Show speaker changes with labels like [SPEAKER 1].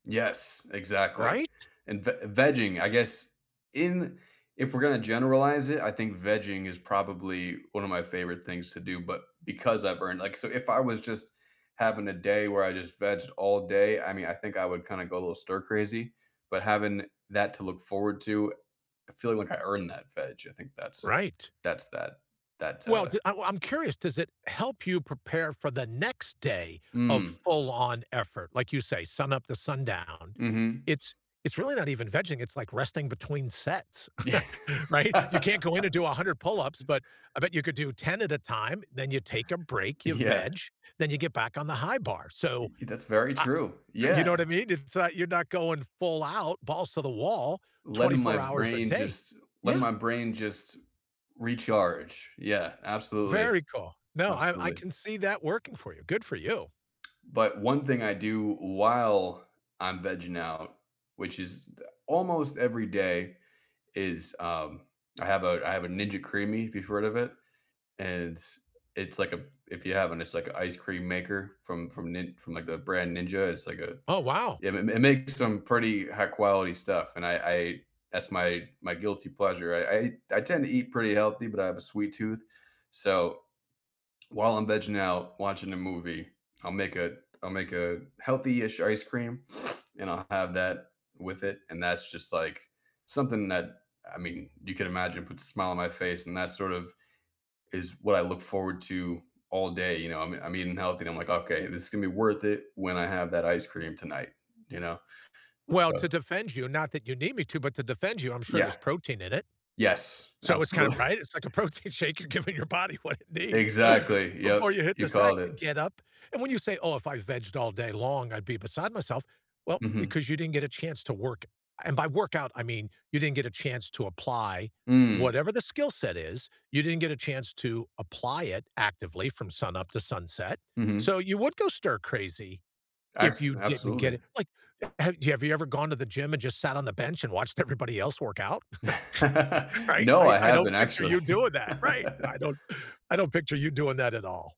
[SPEAKER 1] Yes, exactly,
[SPEAKER 2] Right?
[SPEAKER 1] and v vegging, I guess, in, if we're gonna generalize it, I think vegging is probably one of my favorite things to do, but because I've earned, like so if I was just having a day where I just vegged all day, I mean, I think I would kinda go a little stir crazy, but having that to look forward to, I feel like I earned that veg. I think that's
[SPEAKER 2] Right.
[SPEAKER 1] that's that that's
[SPEAKER 2] Well,
[SPEAKER 1] uh
[SPEAKER 2] j I'm I'm curious, does it help you prepare for the next day of
[SPEAKER 1] Mm.
[SPEAKER 2] full-on effort? Like, you say, sun up the sundown.
[SPEAKER 1] Mhm.
[SPEAKER 2] It's it's really not even vegging, it's, like, resting between sets,
[SPEAKER 1] Yeah.
[SPEAKER 2] right? You can't go in and do 100 pull-ups, but I bet you could do 10 at a time, then you take a break, you
[SPEAKER 1] Yeah.
[SPEAKER 2] veg, then you get back on the high bar.
[SPEAKER 1] Y
[SPEAKER 2] So,
[SPEAKER 1] y that's very
[SPEAKER 2] ah
[SPEAKER 1] true,
[SPEAKER 2] you
[SPEAKER 1] yeah.
[SPEAKER 2] know what I mean? It's not, you're not going full out, balls to the wall, twenty
[SPEAKER 1] Letting my
[SPEAKER 2] four hours a
[SPEAKER 1] brain
[SPEAKER 2] day.
[SPEAKER 1] just letting
[SPEAKER 2] Yeah.
[SPEAKER 1] my brain just recharge. Yeah, absolutely,
[SPEAKER 2] Very cool. No, I I
[SPEAKER 1] absolutely.
[SPEAKER 2] can see that working for you. Good for you.
[SPEAKER 1] But one thing I do while I'm vegging out, which is almost every day, is, um, I have a I have a Ninja Creamy, if you've heard of it. And it's, like a, if you haven't, it's, like, an ice cream maker from from Nin from, like, the brand Ninja. It's like a
[SPEAKER 2] Oh, wow.
[SPEAKER 1] Yeah, it m makes some pretty high quality stuff, and I I, that's my my guilty pleasure. I I I tend to eat pretty healthy, but I have a sweet tooth, so while I'm vegging out, watching a movie, I'll make a I'll make a healthy-ish ice cream, and I'll have that with it, and that's just, like, something that, I mean, you can imagine, puts a smile on my face, and that sort of is what I look forward to all day, you know, I'm I'm eating healthy and I'm, like, “Okay, this is gonna be worth it when I have that ice cream tonight,” you know,
[SPEAKER 2] Well, to
[SPEAKER 1] so
[SPEAKER 2] defend you, not that you need me to, but to defend you, I'm sure
[SPEAKER 1] Yeah,
[SPEAKER 2] there's protein in it.
[SPEAKER 1] yes,
[SPEAKER 2] So it's kinda,
[SPEAKER 1] absolutely.
[SPEAKER 2] right, it's, like, a protein shake, you're giving your body what it needs
[SPEAKER 1] Exactly,
[SPEAKER 2] before
[SPEAKER 1] yep,
[SPEAKER 2] you hit
[SPEAKER 1] you
[SPEAKER 2] the sack
[SPEAKER 1] called
[SPEAKER 2] to
[SPEAKER 1] it.
[SPEAKER 2] get up, and when you say, “Oh, if I vegged all day long, I'd be beside myself,” well,
[SPEAKER 1] Mhm.
[SPEAKER 2] because you didn't get a chance to work and by workout, I mean, you didn't get a chance to apply
[SPEAKER 1] Mm.
[SPEAKER 2] whatever the skill set is, you didn't get a chance to apply it actively from sunup to sunset.
[SPEAKER 1] Mhm.
[SPEAKER 2] So you would go stir crazy if
[SPEAKER 1] Acts
[SPEAKER 2] you didn't
[SPEAKER 1] absolutely.
[SPEAKER 2] get it, like, have have you ever gone to the gym and just sat on the bench and watched everybody else work out? Right?
[SPEAKER 1] No,
[SPEAKER 2] I
[SPEAKER 1] I
[SPEAKER 2] I
[SPEAKER 1] haven't
[SPEAKER 2] don't picture
[SPEAKER 1] actually.
[SPEAKER 2] you doing that, right? I don't I don't picture you doing that at all.